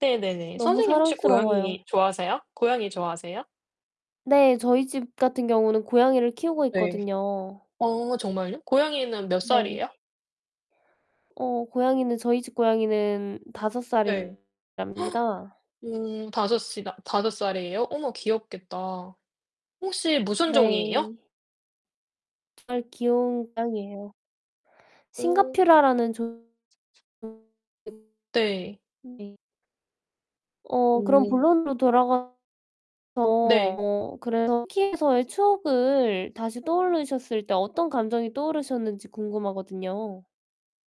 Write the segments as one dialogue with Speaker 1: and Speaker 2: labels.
Speaker 1: 네네네.
Speaker 2: 너무
Speaker 1: 선생님 혹시
Speaker 2: 사랑스러워요.
Speaker 1: 고양이 좋아하세요? 고양이 좋아하세요?
Speaker 2: 네 저희 집 같은 경우는 고양이를 키우고
Speaker 1: 네.
Speaker 2: 있거든요.
Speaker 1: 어 정말요? 고양이는 몇
Speaker 2: 네.
Speaker 1: 살이에요?
Speaker 2: 어 고양이는 저희 집 고양이는 5
Speaker 1: 네.
Speaker 2: 살이랍니다.
Speaker 1: 음 5 시가 5 살이에요? 어머 귀엽겠다. 혹시 무슨 종이에요?
Speaker 2: 네. [unintelligible] 귀여운 고양이에요.
Speaker 1: 오.
Speaker 2: 싱가퓨라라는 종 [unintelligible]
Speaker 1: 네.
Speaker 2: 네. 어 그럼
Speaker 1: 오.
Speaker 2: 본론으로 돌아가서
Speaker 1: 네.
Speaker 2: 어 그래서 터키에서의 추억을 다시 떠올리셨을 때 어떤 감정이 떠오르셨는지 궁금하거든요.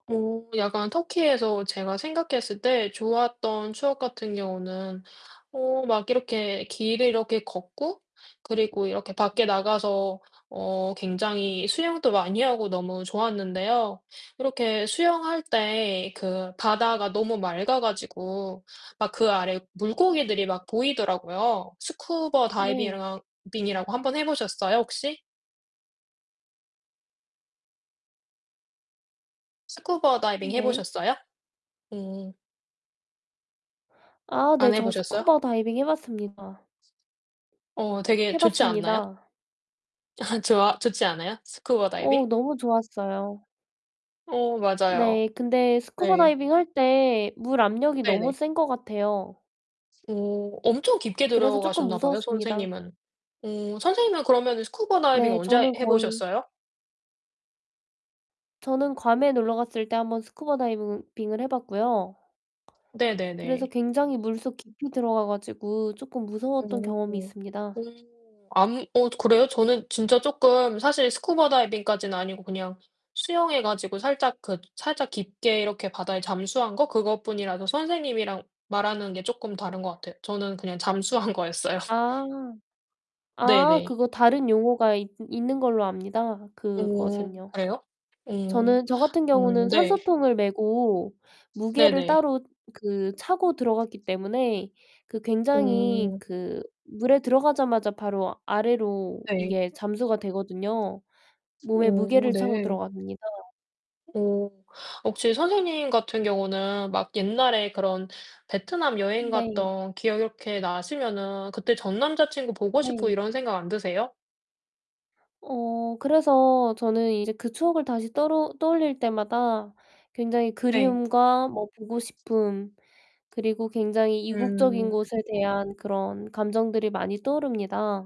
Speaker 1: 어 약간 터키에서 제가 생각했을 때 좋았던 추억 같은 경우는 어 막 이렇게 길을 이렇게 걷고 그리고 이렇게 밖에 나가서 어 굉장히 수영도 많이 하고 너무 좋았는데요. 그렇게 수영할 때 그 바다가 너무 맑아 가지고 막 그 아래 물고기들이 막 보이더라고요. 스쿠버
Speaker 2: 네.
Speaker 1: 다이비이랑 빙이라고 한번 해 보셨어요 혹시? 스쿠버 다이빙 해
Speaker 2: 네.
Speaker 1: 보셨어요? 오.
Speaker 2: 아 네
Speaker 1: 안 해
Speaker 2: 저
Speaker 1: 보셨어요?
Speaker 2: 스쿠버 다이빙 해 봤습니다.
Speaker 1: 어 되게
Speaker 2: 해
Speaker 1: 좋지 않나요?
Speaker 2: 봤습니다.
Speaker 1: 좋아 좋지 않아요? 스쿠버 다이빙?
Speaker 2: 어 너무 좋았어요.
Speaker 1: 어 맞아요.
Speaker 2: 네 근데 스쿠버
Speaker 1: 네.
Speaker 2: 다이빙할 때 물 압력이 너무
Speaker 1: 네네.
Speaker 2: 센 것 같아요.
Speaker 1: 오 엄청 깊게
Speaker 2: 그래서 쪼끔
Speaker 1: 들어가셨나 봐요
Speaker 2: 무서웠습니다.
Speaker 1: 선생님은. 오 선생님은 그러면은 스쿠버 다이빙
Speaker 2: 네
Speaker 1: 언제
Speaker 2: 저는
Speaker 1: 해
Speaker 2: 거의
Speaker 1: 보셨어요?
Speaker 2: 저는 괌에 놀러 갔을 때 한번 스쿠버 다이빙은 빙을 해 봤고요. 그래서
Speaker 1: 네네네.
Speaker 2: 굉장히 물속 깊이 들어가 가지고 쪼끔 무서웠던
Speaker 1: 오.
Speaker 2: 경험이 있습니다.
Speaker 1: 오. 아무이 어 그래요? 저는 진짜 쪼끔 사실 스쿠버 다이빙까지는 아니고 그냥 수영해 가지고 살짝 그 살짝 깊게 이렇게 바다에 잠수한 거 그것뿐이라서 선생님이랑 말하는 게 쪼끔 다른 것 같아요. 저는 그냥 잠수한 거였어요.
Speaker 2: 아. 아
Speaker 1: 네네.
Speaker 2: 그거 다른 용어가 있 있는 걸로 압니다
Speaker 1: 오
Speaker 2: 그것은요.
Speaker 1: 그래요? 오.
Speaker 2: 저는 저 같은 경우는
Speaker 1: 음 네.
Speaker 2: 산소통을 메고 무게를
Speaker 1: 네네.
Speaker 2: 따로 그 차고 들어갔기 때문에 그 굉장히
Speaker 1: 오.
Speaker 2: 그 물에 들어가자마자 바로 아래로
Speaker 1: 네.
Speaker 2: 이게 잠수가 되거든요. 몸에
Speaker 1: 오
Speaker 2: 무게를 차고
Speaker 1: 네.
Speaker 2: 들어갑니다.
Speaker 1: 오 혹시 선생님 같은 경우는 막 옛날에 그런 베트남 여행
Speaker 2: 네.
Speaker 1: 갔던 기억 이렇게 나시면은 그때 전 남자친구 보고 싶고
Speaker 2: 네.
Speaker 1: 이런 생각 안 드세요?
Speaker 2: 어 그래서 저는 이제 그 추억을 다시 떠로 떠올릴 때마다 굉장히
Speaker 1: 네.
Speaker 2: 그리움과 뭐 보고 싶음, 그리고 굉장히 이국적인
Speaker 1: 음.
Speaker 2: 것에 대한 그런 감정들이 많이 떠오릅니다.